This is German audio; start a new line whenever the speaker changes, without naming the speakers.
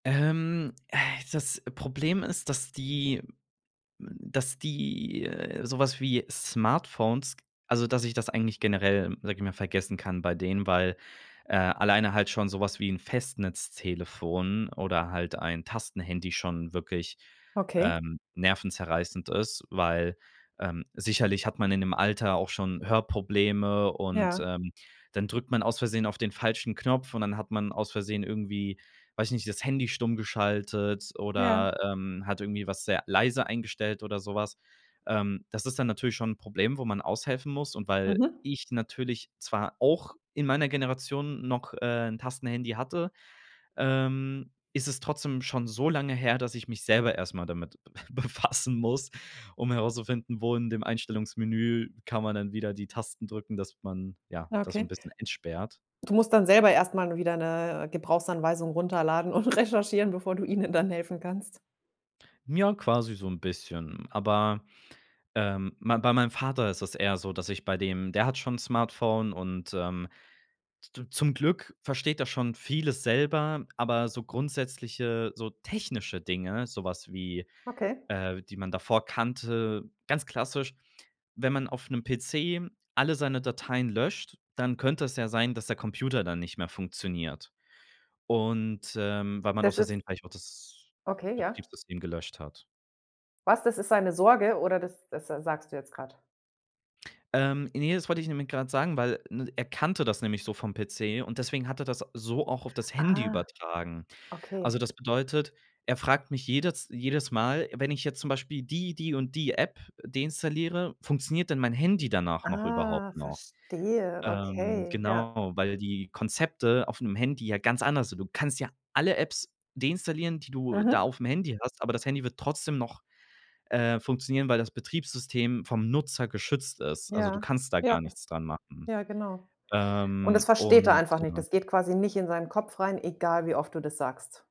Ähm, äh, das Problem ist, dass die hm dass die, äh, so was wie Smartphones also dass ich das eigentlich generell, sage ich mal, vergessen kann bei denen, weil, äh, alleine halt schon so was wie ’n Festnetz-Telefon oder halt ein Tastenhandy schon wirklich,
Okay.
ähm, nervenzerreißend ist, weil, ähm sicherlich hat man in dem Alter auch schon Hörprobleme und,
Ja.
ähm, dann drückt man aus Versehen auf den falschen Knopf und dann hat man aus Versehen irgendwie weiß ich nicht, das Handy stumm geschaltet
Ja.
oder, ähm, hat irgendwie was sehr leise eingestellt oder so was. Ähm, das ist dann natürlich schon Problem, wo man aushelfen muss und weil
Mhm.
ich natürlich zwar auch in meiner Generation noch äh, ’n Tastenhandy hatte, ähm, ist es trotzdem schon so lange her, dass ich mich selber erst mal damit befassen muss, um herauszufinden, wo in dem Einstellungsmenü kann man dann wieder die Tasten drücken, dass man ja,
Ah,
das so 'n
okay.
bisschen entsperrt.
Du musst dann selber erst mal wieder ’ne, äh, Gebrauchsanweisung runterladen und recherchieren, bevor du ihnen dann helfen kannst.
Ja, quasi so 'n bisschen. Aber, ähm, ma bei meinem Vater ist es eher so, dass ich bei dem der hat schon ’n Smartphone und, ähm, d zum Glück versteht er schon vieles selber, aber so grundsätzliche so technische Dinge, so was wie,
Okay.
äh, die man davor kannte ganz klassisch, wenn man auf 'nen PC alle seine Dateien löscht, dann könnte es ja sein, dass der Computer dann nicht mehr funktioniert. Und, ähm weil man
Das ist
ausversehen vielleicht auch das
Okay, ja.
Betriebssystem gelöscht hat.
Was? Das ist seine Sorge oder das das, äh, sagst du jetzt grad?
Ähm, ne, das wollte ich nämlich grad sagen, weil, ne, er kannte das nämlich so vom PC und deswegen hat er das so auch auf das Handy
Ah,
übertragen. Also,
okay.
das bedeutet, er fragt mich jedes jedes Mal, wenn ich jetzt zum Beispiel die, die und die App deinstalliere, funktioniert dann mein Handy danach noch
Ah,
überhaupt noch?
verstehe,
Ähm,
okay. Ja.
genau, weil die Konzepte auf ’nem Handy ja ganz anders sind. Du kannst ja alle Apps deinstallieren, die du da
Mhm.
auf’m Handy hast, aber das Handy wird trotzdem noch, äh, funktionieren, weil das Betriebssystem vom Nutzer geschützt ist. Also, du
Ja.
kannst da
Ja.
gar nichts dran machen.
Ja genau. Und das
Ähm,
versteht er
und
einfach nicht.
ja.
Das geht quasi nicht in seinen Kopf rein, egal wie oft du das sagst.